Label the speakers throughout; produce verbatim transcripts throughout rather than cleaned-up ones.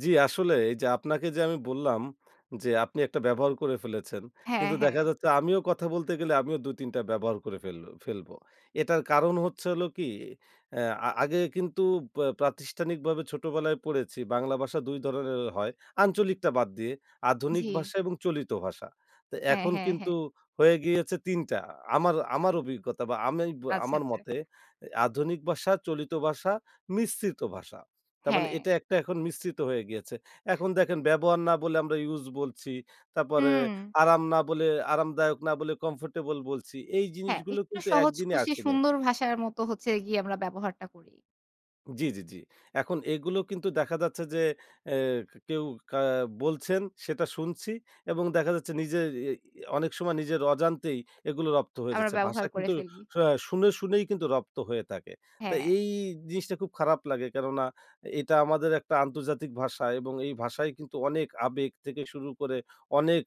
Speaker 1: জ্বি। আসলে এইযে আপনাকে যে আমি বললাম যে, আপনি একটা ব্যবহার করে ফেলেছেন।
Speaker 2: হ্যাঁ,
Speaker 1: কিন্তু দেখা
Speaker 2: হ্যাঁ।
Speaker 1: যাচ্ছে আমিও কথা বলতে গেলে আমিও দুই তিন টা ব্যবহার করে ফেল ফেলব। এটার কারণ হচ্ছে হলো কি এ আ আগে কিন্তু বা প্রাতিষ্ঠানিকভাবে ছোটবেলায় পড়েছি বাংলা ভাষা দুই ধরনের হয়। আঞ্চলিকটা বাদ দিয়ে, আধুনিক
Speaker 2: জ্বি।
Speaker 1: ভাষা এবং চলিত ভাষা।
Speaker 2: হ্যাঁ,
Speaker 1: এখন
Speaker 2: হ্যাঁ,
Speaker 1: কিন্তু
Speaker 2: হ্যাঁ।
Speaker 1: হয়ে গিয়েছে তিন টা, আমার আমার অভিজ্ঞতা বা, আমি বে
Speaker 2: আচ্ছা,
Speaker 1: আমার
Speaker 2: আচ্ছা।
Speaker 1: মতে আধুনিক ভাষা, চলিত ভাষা, মিশ্রিত ভাষা। তারমানে
Speaker 2: হ্যাঁ।
Speaker 1: এটা একটা এখন মিশ্রিত হয়ে গিয়েছে। এখন দেখেন, ব্যবহার না বলে আমরা use বলছি। তারপরে
Speaker 2: হুম।
Speaker 1: আরাম না বলে, আরামদায়ক না বলে, comfortable বলছি। এই
Speaker 2: হ্যাঁ,
Speaker 1: জিনিসগুলো
Speaker 2: একটু
Speaker 1: কিন্তু এক
Speaker 2: সহজ
Speaker 1: দিনে
Speaker 2: খুশি
Speaker 1: আসেনি।
Speaker 2: সুন্দর ভাষার মতো হচ্ছে গিয়ে আমরা ব্যবহারটা করি।
Speaker 1: জ্বি, জ্বি, জ্বি। এখন এগুলো কিন্তু দেখা যাচ্ছে যে অ্যাক কেউ কা বলছেন সেটা শুনছি এবং দেখা যাচ্ছে নিজের এ ই অনেক সময় নিজের অজান্তেই এগুলো রপ্ত হয়ে
Speaker 2: আমরা
Speaker 1: যাচ্ছে। ভাষা
Speaker 2: ব্যবহার করে
Speaker 1: কিন্তু
Speaker 2: ফেলি।
Speaker 1: শা শুনে, শুনেই কিন্তু রপ্ত হয়ে থাকে। তো
Speaker 2: হ্যাঁ।
Speaker 1: এ এই জিনিসটা খুব খারাপ লাগে। কেননা এটা আমাদের একটা আন্তর্জাতিক ভাষা এবং এই ভাষায় কিন্তু অনেক আবেগ থেকে শুরু করে অনেক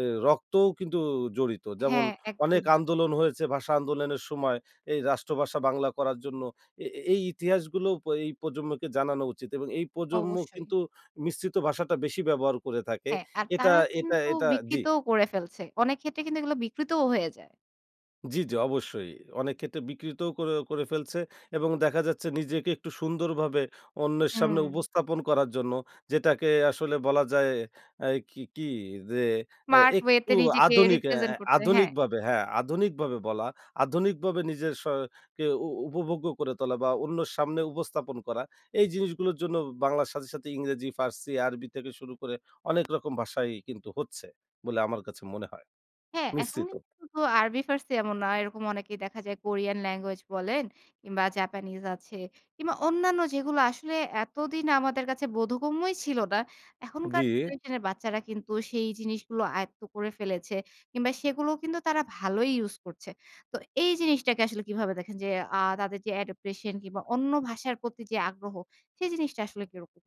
Speaker 1: এ রক্তও কিন্তু জড়িত। যেমন
Speaker 2: হ্যাঁ,
Speaker 1: অনেক
Speaker 2: একদমই।
Speaker 1: আন্দোলন হয়েছে ভাষা আন্দোলনের সময়। এই রাষ্ট্রভাষা বাংলা করার জন্য। এ এই ইতিহাসগুলো প এই প্রজন্মকে জানানো উচিত এবং এই প্রজন্ম
Speaker 2: অবশ্যই।
Speaker 1: কিন্তু মিশ্রিত ভাষাটা বেশি ব্যবহার করে থাকে।
Speaker 2: হ্যাঁ, আর
Speaker 1: এটা
Speaker 2: তারা
Speaker 1: এটা
Speaker 2: কিন্তু
Speaker 1: এটা জ্বি।
Speaker 2: বিকৃতও করে ফেলছে। অনেক ক্ষেত্রে কিন্তু এগুলো বিকৃতও হয়ে যায়।
Speaker 1: জ্বি, জ্বি। অবশ্যই। অনেক ক্ষেত্রে বিকৃতও করে করে ফেলছে। এবং দেখা যাচ্ছে নিজেকে একটু সুন্দরভাবে অন্যের সামনে
Speaker 2: হুম।
Speaker 1: উপস্থাপন করার জন্য যেটাকে আসলে বলা যায় এ কি কি যে, এ
Speaker 2: Smart way
Speaker 1: একটু
Speaker 2: তে নিজেকে
Speaker 1: আধুনিক এ এ
Speaker 2: represent করতে। হ্যাঁ।
Speaker 1: আধুনিকভাবে হ্যাঁ, আধুনিকভাবে বলা আধুনিকভাবে নিজের স কে উ উপভোগ্য করে তোলা বা, অন্যর সামনে উপস্থাপন করা। এই জিনিসগুলোর জন্য বাংলার সাথে, সাথে ইংরেজি, ফার্সি, আরবি থেকে শুরু করে অনেক রকম ভাষাই কিন্তু হচ্ছে বলে আমার কাছে মনে হয়।
Speaker 2: হ্যাঁ, এখন
Speaker 1: মিশ্রিত।
Speaker 2: কিন্তু শুধু আরবি, ফার্সি এ এমন নয়। এরকম অনেকেই দেখা যায়, কোরিয়ান language বলেন কিংবা, জাপানিজ আছে। কিংবা, অন্যান্য যেগুলো আসলে এতদিন আমাদের কাছে বোধগম্যই ছিল না। এখনকার
Speaker 1: জ্বি।
Speaker 2: generation এর বাচ্চারা কিন্তু সেই জিনিসগুলো আয়ত্ত করে ফেলেছে। কিংবা, সেগুলোও কিন্তু তারা ভালোই use করছে। তো এই জিনিসটাকে আসলে কিভাবে দেখেন যে, আ তাদের যে adaptation কিংবা, অন্য ভাষার প্রতি যে আগ্রহ সেই জিনিসটা আসলে কিরকম?